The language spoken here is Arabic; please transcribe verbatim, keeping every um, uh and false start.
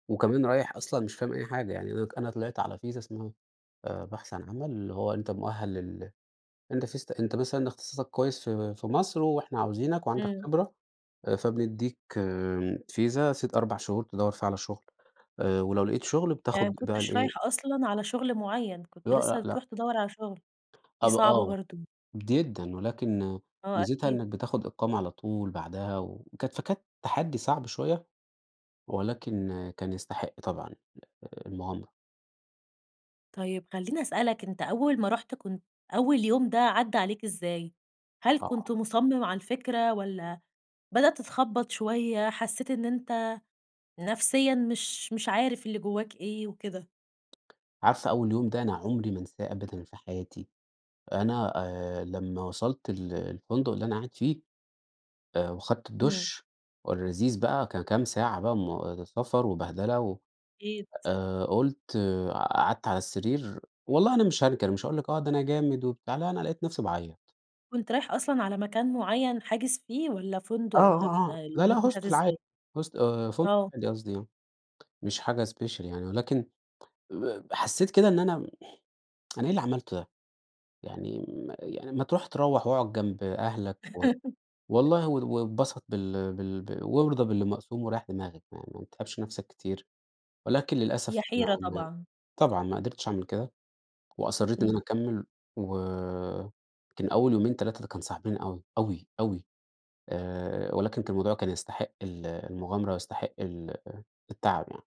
وكمان رايح أصلًا مش فاهم أي حاجة، يعني أنا ك أنا طلعت على فيزا اسمها آآ بحث عن عمل، اللي هو أنت مؤهل لل أنت فيزت أنت مثلًا اختصاصك كويس في في مصر وإحنا عاوزينك، وعندك إمم. خبرة، فبنديك آآ، فيزا ست أربع شهور تدوّر فيها على شغل. آآ، ولو لقيت شغل يعني ما بتاخد بقى كنتش رايح الإيه أصلًا على شغل معيّن، كنت لأ، لسه لأ، بتروح لأ. تدور على شغل. دي أب صعبة آه، برضو. جدًا، ولكن آه، ميزتها أكيد. إنك بتاخد إقامة على طول، بعدها وكت فكانت تحدي صعب شوية. ولكن كان يستحق طبعًا، المغامرة. طيب، خليني أسألك، أنت أول ما رُحت كنت أول يوم ده عدى عليك إزاي؟ هل كنت آه. مصمم على الفكرة؟ والّا بدأت تتخبط شوية حسيت إن أنت نفسيًا مش مش عارف اللي جواك إيه وكده؟ عارفة أول يوم ده أنا عمري ما أنساه أبدًا في حياتي. أنا آآ، لمّا وصلت ال الفندق اللي أنا قاعد فيه آآ، وأخدت إمم. الدش اللذيذ بقى ك كام ساعة بقى مو سفر وبهدلة و أكيد. آآ، قلت، قعدت على السرير، والله أنا مش هانكر مش هاقول لِك آه، ده أنا جامد وبتاع لأ، أنا لقيت نفسي باعيط. كنت رايح أصلًا على مكان معيّن، حاجز فيه والّا فندق آه، والّا ب آه، آه. لأ، الأمور لأ، مشيت Hostel العادي، إزاي؟ Host آآ، فندق آه. عادي قصدي يعني مش حاجة special يعني ولكن آآ، حسيت كده إن أنا، أنا إيه اللي عملته ده؟ يعني م يعني ما تروح تروّح وأقعد جنب أهلك، و والله و واتبسط بال بال وارضى باللي مقسوم وريّح دماغك، يعني ما تتعبش نفسك كتير. ولكن للأسف هي ما حيرة ما طبعًا. طبعًا ما قدرتش أعمل كده. وأصريت إن أنا إمم. أكمل وكان أول يومين تلاتة ده كانوا صعبين أوي، أوي، أوي. آآ، ولكن كان الموضوع كان يستحق ال المغامرة ويستحق ال التعب يعني.